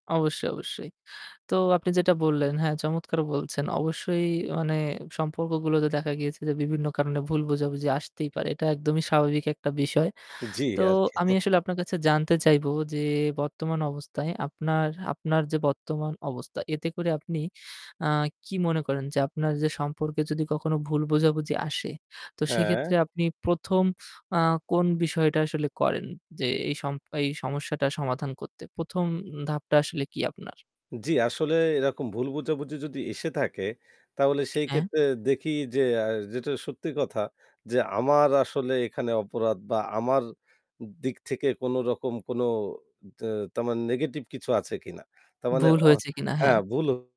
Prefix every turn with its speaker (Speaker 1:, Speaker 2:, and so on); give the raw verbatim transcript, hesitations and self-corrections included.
Speaker 1: অবশ্যই, অবশ্যই। তো আপনি যেটা বললেন, হ্যাঁ চমৎকার বলছেন। অবশ্যই মানে সম্পর্কগুলোতে দেখা গিয়েছে যে বিভিন্ন কারণে ভুল বোঝাবুঝি আসতেই পারে। এটা একদমই স্বাভাবিক একটা বিষয়।
Speaker 2: জী,
Speaker 1: তো
Speaker 2: আর কি।
Speaker 1: আমি আসলে আপনার কাছে জানতে চাইবো যে বর্তমান অবস্থায় আপনার, আপনার যে বর্তমান অবস্থা এতে করে আপনি আ কি মনে করেন যে আপনার যে সম্পর্কে যদি কখনো ভুল বোঝাবুঝি আসে। তো
Speaker 2: হ্যাঁ।
Speaker 1: সেক্ষেত্রে আপনি প্রথম আ কোন বিষয়টা আসলে করেন যে এই সম এই সমস্যাটা সমাধান করতে প্রথম ধাপটা আসলে কি আপনার?
Speaker 2: জী, আসলে এরকম ভুল বোঝাবুঝি যদি এসে থাকে তাহলে সেই
Speaker 1: হ্যাঁ?
Speaker 2: ক্ষেত্রে দেখি যে আ যেটা সত্যি কথা যে আমার আসলে এখানে অপরাধ বা আমার দিক থেকে কোন রকম কোন তা তারমানে নেগেটিভ কিছু আছে কিনা। তার মানে
Speaker 1: ভুল
Speaker 2: অ
Speaker 1: হয়েছে কিনা হ্যাঁ।
Speaker 2: হ্যাঁ ভুল